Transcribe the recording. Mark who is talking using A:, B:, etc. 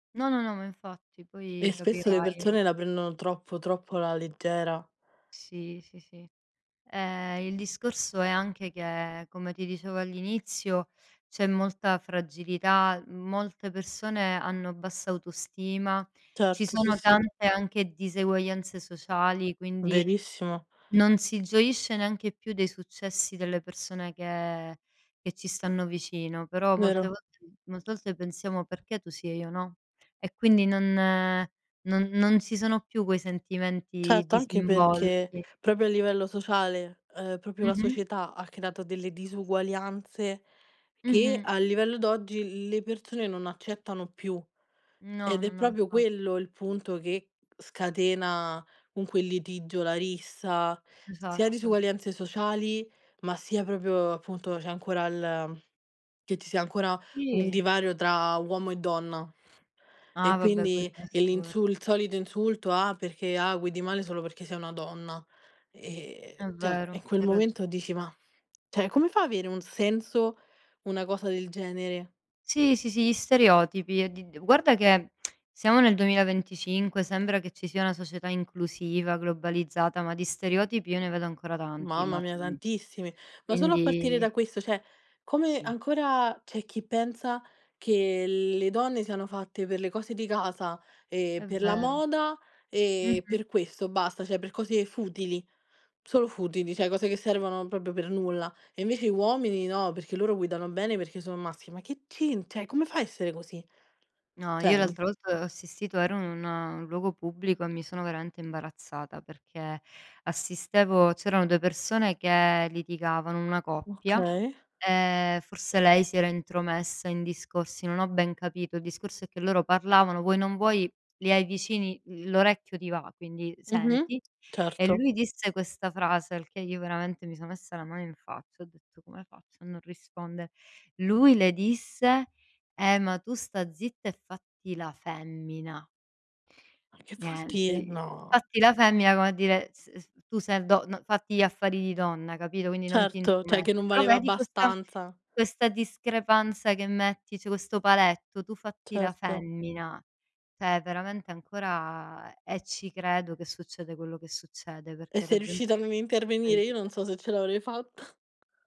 A: No, no, no, ma infatti
B: E
A: poi
B: spesso le
A: capirai
B: persone la prendono troppo, troppo alla leggera.
A: Sì, sì, sì. Ehm, il discorso è anche che, come ti dicevo all'inizio, c'è molta fragilità, molte persone hanno bassa autostima, ci
B: Certo, sì,
A: sono
B: sì.
A: tante anche diseguaglianze sociali, quindi,
B: Benissimo.
A: non si gioisce neanche più dei successi delle persone che che ci stanno vicino. Però molte
B: Vero.
A: volte molte volte pensiamo: "Perché tu si e io no?" E quindi non non non ci sono più quei sentimenti
B: Certo, anche
A: disinvolti.
B: perché, proprio a livello sociale, ehm, proprio la
A: Mh-mh.
B: società ha creato delle disuguaglianze, che
A: Mh-mh.
B: a livello d'oggi l le persone non accettano più.
A: No,
B: Ed
A: no,
B: è
A: no,
B: proprio
A: infa
B: quello, il punto che scatena comunque il litigio, la rissa, sia
A: Esatt
B: disuguaglianze sociali, ma sia proprio appunto, c'è ancora il che ci sia ancora un
A: Sì.
B: divario tra uomo e donna.
A: Ah,
B: E
A: vabbè poi
B: quindi, e
A: questo è
B: l'insuls il solito insulto, "Ah perché ah guidi male, solo perché sei una donna."
A: Mh,
B: Ehm,
A: è
B: cioè,
A: vero,
B: in quel
A: hai
B: momento
A: ragione.
B: dici: "Ma" cioè come fa avere un senso una cosa del genere?
A: Sì, sì, sì, gli stereotipi, di di guarda che siamo nel 2025, sembra che ci sia una società inclusiva, globalizzata, ma di stereotipi io ne vedo ancora tanti,
B: Mamma
A: ma
B: mia
A: tanti
B: tantissimi, ma solo a partire
A: quindi
B: da questo, cioè come
A: Sì.
B: ancora, c'è chi pensa, che le donne siano fatte per le cose di casa, e
A: È
B: per la
A: vero.
B: moda e
A: Mh-mh.
B: per questo basta, cioè per cose futili, solo futili, cioè cose che servono proprio per nulla. E invece i uomini no, perché loro guidano bene perché sono maschi, ma che centra, cioè come fa a essere così,
A: No,
B: cioè
A: io
B: n
A: l'altra volta ho assistito ero in un luogo pubblico, e mi sono veramente imbarazzata, perché assistevo c'erano 2 persone che litigavano, una coppia,
B: Okay.
A: e forse lei si era intromessa in discorsi non ho ben capito. Il discorso è che loro parlavano, vuoi non vuoi, li hai vicini, l'orecchio ti va, quindi
B: Mh-mh,
A: senti. E
B: certo.
A: lui disse questa frase, al che io veramente mi sono messa la mano in faccia, ho detto: "Come faccio a non rispondere?" Lui le disse: "Eh, ma tu sta zitta, e fatti la femmina".
B: Ma che vuol
A: Niente
B: dire,
A: i
B: no.
A: fatti la femmina come a dire s s tu sei do no fatti gli affari di donna, capito quindi non ti
B: Certo, cioè che
A: intromettere.
B: non
A: Però
B: valeva
A: vedi, questa
B: abbastanza.
A: questa discrepanza che metti, cioè, questo paletto, "tu fatti la
B: Certo.
A: femmina". Cioè veramente ancora e ci credo che succede quello che succede,
B: E
A: perché la
B: sei
A: gente
B: riuscita
A: è
B: a non
A: fuori
B: intervenire?
A: di
B: Io
A: test
B: non so se ce l'avrei fatta.